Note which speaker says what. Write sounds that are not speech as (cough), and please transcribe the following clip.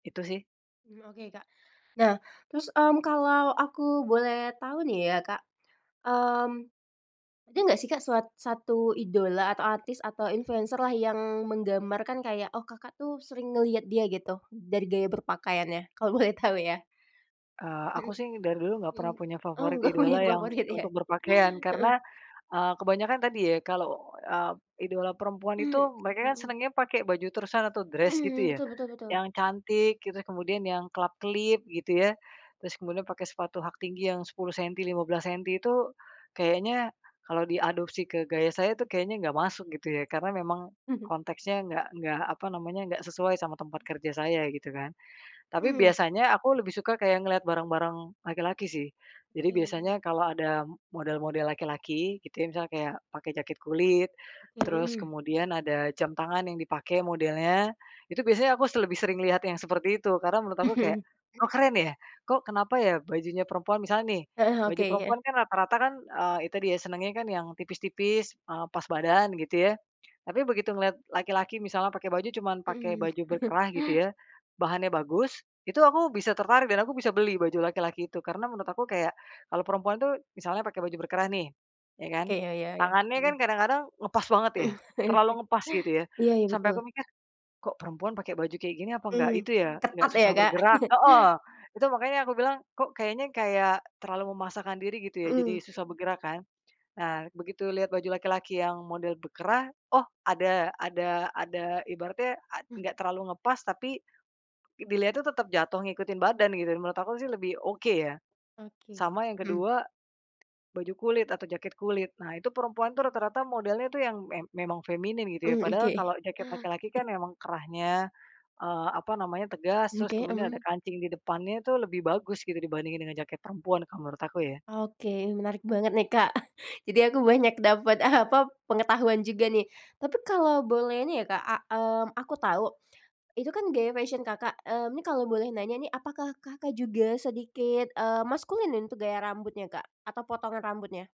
Speaker 1: Itu, sih.
Speaker 2: Mmm, oke, Kak. Nah, terus, mmm, kalau aku boleh tau nih, ya, Kak. Mmm, ada gak sih, Kak, suat 1 idola atau artis atau influencer lah, yang menggambarkan kayak, oh, Kakak tuh, sering ngeliat dia gitu dari gaya berpakaiannya? Kalau boleh tau, ya.
Speaker 1: Eee, aku,
Speaker 2: Mhm,
Speaker 1: sih, dari dulu gak pernah
Speaker 2: mhm.
Speaker 1: punya
Speaker 2: Oh,
Speaker 1: favorit
Speaker 2: nggak punya
Speaker 1: idola yang
Speaker 2: favorit, iya.
Speaker 1: untuk berpakaian,
Speaker 2: Heeh.
Speaker 1: karena, eee, kebanyakan tadi, ya, kalau, eee, idola perempuan itu
Speaker 2: Mmm,
Speaker 1: mereka, kan,
Speaker 2: mhm.
Speaker 1: senangnya pakai baju terusan atau dress
Speaker 2: Mhm,
Speaker 1: gitu, ya.
Speaker 2: betul betul betul.
Speaker 1: Yang cantik gitu kemudian yang kelap-kelip gitu, ya. Terus kemudian pakai sepatu hak tinggi yang 10 sentimeter, 15 sentimeter itu kayaknya kalau diadopsi ke gaya saya, itu kayaknya nggak masuk gitu, ya, karena memang
Speaker 2: Mhm.
Speaker 1: konteksnya enggak enggak apa namanya, enggak sesuai sama tempat kerja saya gitu, kan. Tapi
Speaker 2: Mmm.
Speaker 1: biasanya aku lebih suka kayak ngelihat barang-barang laki-laki, sih. Jadi biasanya
Speaker 2: Mhm.
Speaker 1: kalau ada model-model laki-laki, gitu ya. Misalnya kayak pakai jaket kulit, terus
Speaker 2: Mhm.
Speaker 1: kemudian ada jam tangan yang dipakai modelnya, itu biasanya aku se lebih sering lihat yang seperti itu. Karena menurut aku kayak, oh,
Speaker 2: (chuckles)
Speaker 1: keren ya. Kok, kenapa ya, bajunya perempuan misalnya nih,
Speaker 2: Heeh, oke,
Speaker 1: baju
Speaker 2: heeh.
Speaker 1: perempuan kan, rata-rata kan, eee, itu dia senangnya kan, yang tipis-tipis, ah, pas badan gitu, ya. Tapi begitu ngelihat laki-laki misalnya pakai baju cuman pakai
Speaker 2: Mhm.
Speaker 1: baju berkerah gitu
Speaker 2: (chuckles)
Speaker 1: ya, bahannya bagus, itu aku bisa tertarik dan aku bisa beli baju laki-laki itu. Karena menurut aku kayak, kalau perempuan tuh, misalnya pakai baju berkerah nih, ya, kan,
Speaker 2: Oke, ya ya ya.
Speaker 1: tangannya kan,
Speaker 2: Mhm.
Speaker 1: kadang-kadang ngepas banget ya,
Speaker 2: Mhm, ya,
Speaker 1: terlalu
Speaker 2: oke.
Speaker 1: ngepas gitu ya.
Speaker 2: Iya, ya,
Speaker 1: Sampai aku
Speaker 2: betul.
Speaker 1: mikir, kok perempuan pakai baju kayak gini apa enggak
Speaker 2: Mhm.
Speaker 1: itu ya, enggak
Speaker 2: Ketat, ya,
Speaker 1: susah
Speaker 2: Kak.
Speaker 1: bergerak
Speaker 2: (chuckles)
Speaker 1: heeh. Itu makannya aku bilang, kok kayaknya kayak terlalu memasakkan diri gitu ya, jadi
Speaker 2: Mhm.
Speaker 1: susah bergerak, kan. Nah, begitu lihat baju laki-laki yang model berkerah, oh, ada ada ada ibaratnya a
Speaker 2: Hmm.
Speaker 1: nggak terlalu ngepas tapi, dilihat itu tetap jatuh ngikutin badan gitu. Menurut aku, sih, lebih oke, ya.
Speaker 2: Oke,
Speaker 1: Sama yang
Speaker 2: mhm.
Speaker 1: kedua, baju kulit atau jaket kulit. Nah, itu perempuan itu rata-rata modelnya itu yang me memang feminin gitu, ya.
Speaker 2: Mmm,
Speaker 1: Padahal
Speaker 2: oke.
Speaker 1: kalau jaket laki-laki, kan, memang kerahnya, eee, apa namanya tegas,
Speaker 2: Mmm,
Speaker 1: terus
Speaker 2: oke,
Speaker 1: kemudian ada
Speaker 2: mmm.
Speaker 1: kancing di depannya itu lebih bagus gitu, dibandingkan dengan jaket perempuan kalau menurut aku ya.
Speaker 2: Oke, menarik banget nih, Kak. (chuckles) Jadi aku banyak dapet apa, pengetahuan juga nih. Tapi kalo boleh nih, ya, Kak, a mmm, aku tau, itu kan, gaya fashion Kakak, mmm, ini kalau boleh nanya nih. Apakah Kakak juga sedikit, eee, maskulin nih, untuk gaya rambutnya, Kak, atau potongan rambutnya?